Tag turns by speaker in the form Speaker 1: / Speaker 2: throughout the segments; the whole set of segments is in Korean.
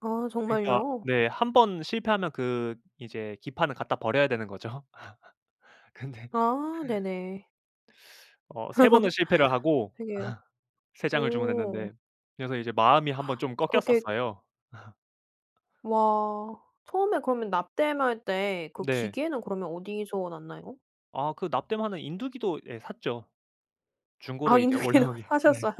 Speaker 1: 아
Speaker 2: 그니까
Speaker 1: 정말요?
Speaker 2: 네. 한번 실패하면 그 이제 기판을 갖다 버려야 되는 거죠. 근데
Speaker 1: 아 네네.
Speaker 2: 어 3 번을 실패를 하고
Speaker 1: 그러게요.
Speaker 2: 3 장을
Speaker 1: 오.
Speaker 2: 주문했는데 그래서 이제 마음이 1 번 좀
Speaker 1: 그러게
Speaker 2: 꺾였었어요.
Speaker 1: 와. 처음에 그러면 납땜할 때 그
Speaker 2: 네.
Speaker 1: 기계는 그러면 어디서 났나요?
Speaker 2: 아 그 납땜하는 인두기도 예 샀죠. 중고로
Speaker 1: 아
Speaker 2: 이제
Speaker 1: 인두기도
Speaker 2: 올라온 게 네.
Speaker 1: 사셨어요?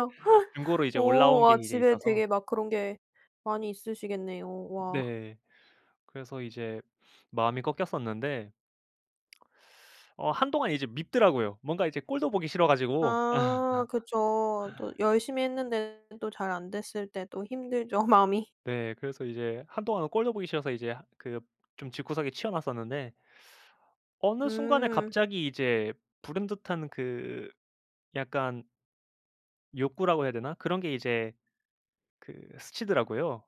Speaker 2: 중고로 이제
Speaker 1: 오.
Speaker 2: 올라온 게
Speaker 1: 와.
Speaker 2: 이제
Speaker 1: 집에
Speaker 2: 있어서
Speaker 1: 되게 막 그런 게 많이 있으시겠네요. 와.
Speaker 2: 네. 그래서 이제 마음이 꺾였었는데. 어 한동안 이제 밉더라고요. 뭔가 이제 꼴도 보기 싫어가지고
Speaker 1: 아 그쵸. 또 열심히 했는데도 잘 안 됐을 때도 힘들죠 마음이.
Speaker 2: 네. 그래서 이제 한동안은 꼴도 보기 싫어서 이제 하 그 좀 집구석에 치워 놨었는데 어느 순간에
Speaker 1: 음.
Speaker 2: 갑자기 이제 불현듯한 그 약간 욕구라고 해야 되나? 그런 게 이제 그 스치더라고요.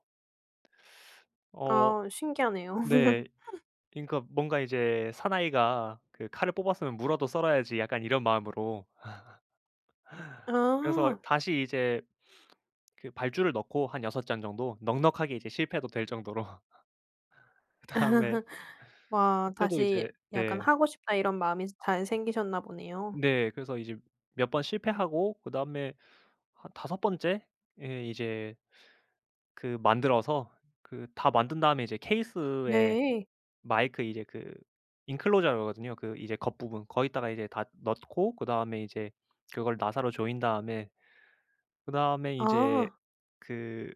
Speaker 2: 어
Speaker 1: 아 신기하네요.
Speaker 2: 네. 그니까 뭔가 이제 '사나이가 그 칼을 뽑았으면 무라도 썰어야지.' 약간 이런 마음으로. 그래서
Speaker 1: 아.
Speaker 2: 다시 이제 그 발주를 넣고 한 6 장 정도 넉넉하게 이제 실패해도 될 정도로. 그다음에
Speaker 1: 와
Speaker 2: 그때도
Speaker 1: 다시
Speaker 2: 이제
Speaker 1: '약간
Speaker 2: 네.
Speaker 1: 하고 싶다.' 이런 마음이 스 잘 생기셨나 보네요.
Speaker 2: 네. 그래서 이제 몇 번 실패하고 그다음에 한 5 번째에 이제 그 만들어서 그 다 만든 다음에 이제 케이스에
Speaker 1: 네.
Speaker 2: 마이크 이제 그 인클로저라고 하거든요. 그 이제 겉부분 거기다가 이제 다 넣고 그다음에 이제 그걸 나사로 조인 다음에 그다음에 이제
Speaker 1: 아.
Speaker 2: 그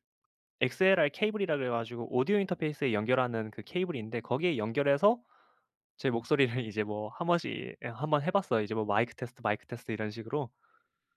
Speaker 2: XLR 케이블이라고 그래 가지고 오디오 인터페이스에 연결하는 그 케이블이 있는데 거기에 연결해서 제 목소리를 이제 뭐 한 번씩 예, 1 번 해 봤어요. 이제 뭐 "마이크 테스트, 마이크 테스트." 이런 식으로.